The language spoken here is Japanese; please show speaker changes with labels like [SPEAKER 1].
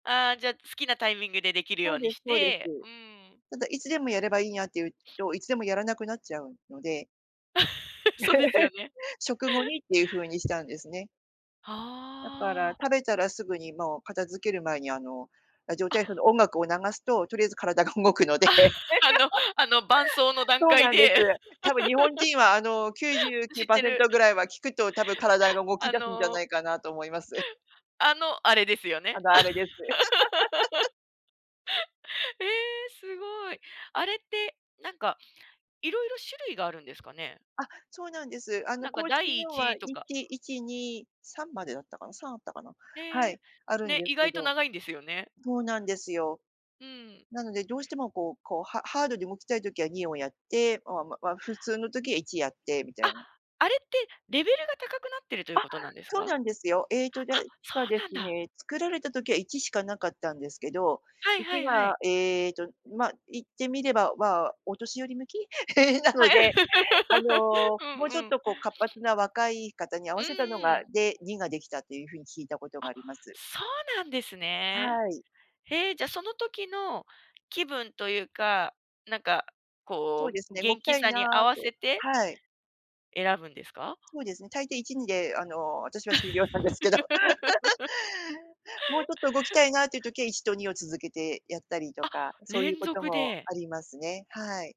[SPEAKER 1] ああ、じゃ、好きなタイミングでできる
[SPEAKER 2] そ
[SPEAKER 1] よ
[SPEAKER 2] う
[SPEAKER 1] う
[SPEAKER 2] で
[SPEAKER 1] に
[SPEAKER 2] す
[SPEAKER 1] し
[SPEAKER 2] そうです。
[SPEAKER 1] てうーん。
[SPEAKER 2] ただ、いつでもやればいいんやっていう と、いつでもやらなくなっちゃうので
[SPEAKER 1] そうですよね。
[SPEAKER 2] 食後にっていう風に「打-明」したんですね。
[SPEAKER 1] は
[SPEAKER 2] だから
[SPEAKER 1] あ。
[SPEAKER 2] 食べたらすぐにもう片付ける前に、あの、ラジオ体操
[SPEAKER 1] あ。
[SPEAKER 2] の音楽を流すと、とりあえず体が動くので。
[SPEAKER 1] あの、あの、伴奏の段
[SPEAKER 2] そう
[SPEAKER 1] 階
[SPEAKER 2] なんです。
[SPEAKER 1] で。
[SPEAKER 2] 多分日本 人は、あの、きゅうじゅうきゅ
[SPEAKER 1] 知
[SPEAKER 2] う
[SPEAKER 1] っ
[SPEAKER 2] パー
[SPEAKER 1] て
[SPEAKER 2] セン
[SPEAKER 1] る。
[SPEAKER 2] トぐらい は聞くと多分、体が動き
[SPEAKER 1] あ
[SPEAKER 2] 出すんじゃな
[SPEAKER 1] の
[SPEAKER 2] いかなと思います。
[SPEAKER 1] あの、あれですよね。
[SPEAKER 2] あの、あれです。
[SPEAKER 1] ええ、すごい。あれって、なんか、色々種類があるんですかね？
[SPEAKER 2] あ、そうなんです。あの、
[SPEAKER 1] なんか
[SPEAKER 2] 公
[SPEAKER 1] だ
[SPEAKER 2] 式
[SPEAKER 1] いい
[SPEAKER 2] のは
[SPEAKER 1] ち
[SPEAKER 2] い
[SPEAKER 1] とか。
[SPEAKER 2] ち1、2、3までだったかな、3あったかな？は
[SPEAKER 1] へ
[SPEAKER 2] い、
[SPEAKER 1] え。
[SPEAKER 2] あるん
[SPEAKER 1] ね、
[SPEAKER 2] です
[SPEAKER 1] 意
[SPEAKER 2] け
[SPEAKER 1] 外と
[SPEAKER 2] ど
[SPEAKER 1] 長いんですよね。
[SPEAKER 2] そうなんですよ。
[SPEAKER 1] うん。
[SPEAKER 2] なので、どうしても、こうこう、ハハードで動きたい時は2をやって、おあ、ま、わ普通の時は1やってみた
[SPEAKER 1] あ、
[SPEAKER 2] いな。
[SPEAKER 1] あれってレベルが高くなってるとい
[SPEAKER 2] あ、
[SPEAKER 1] うことなんです
[SPEAKER 2] そ
[SPEAKER 1] か？
[SPEAKER 2] うなんですよ。ええと、じゃ
[SPEAKER 1] あ、そ
[SPEAKER 2] かで
[SPEAKER 1] うなん
[SPEAKER 2] す
[SPEAKER 1] だ。
[SPEAKER 2] ね、作られた時は1しかなかったんですけど、
[SPEAKER 1] はい
[SPEAKER 2] い
[SPEAKER 1] は
[SPEAKER 2] ち
[SPEAKER 1] いはい。
[SPEAKER 2] が、ええと、ま、いってみれば、ま、お年寄り向き な
[SPEAKER 1] は
[SPEAKER 2] の
[SPEAKER 1] い。
[SPEAKER 2] で、あ の、
[SPEAKER 1] う
[SPEAKER 2] も
[SPEAKER 1] ん
[SPEAKER 2] うちょっ
[SPEAKER 1] うん。
[SPEAKER 2] と、こう、活発な若い方に合
[SPEAKER 1] う
[SPEAKER 2] わせたの
[SPEAKER 1] んう
[SPEAKER 2] が
[SPEAKER 1] ん。
[SPEAKER 2] で、2ができたっていう風に聞いたことが
[SPEAKER 1] あ、
[SPEAKER 2] あります。
[SPEAKER 1] そうなんですね。
[SPEAKER 2] はい。
[SPEAKER 1] へえ、じゃ、その時の気分というか、なんか、
[SPEAKER 2] そう
[SPEAKER 1] こ
[SPEAKER 2] です
[SPEAKER 1] う、
[SPEAKER 2] ね、動
[SPEAKER 1] 元
[SPEAKER 2] き
[SPEAKER 1] 気
[SPEAKER 2] たい
[SPEAKER 1] さ
[SPEAKER 2] な
[SPEAKER 1] に合わ
[SPEAKER 2] と
[SPEAKER 1] せて
[SPEAKER 2] はい。
[SPEAKER 1] 選ぶんですか？
[SPEAKER 2] そうですね、大抵1、2で、あの、私は終了なんですけど。もうちょっと動きたいなっていう時は1と2を続けてやったりと
[SPEAKER 1] あ、
[SPEAKER 2] か、そういう
[SPEAKER 1] 連
[SPEAKER 2] こと
[SPEAKER 1] 続
[SPEAKER 2] も
[SPEAKER 1] で。
[SPEAKER 2] ありますね、はい。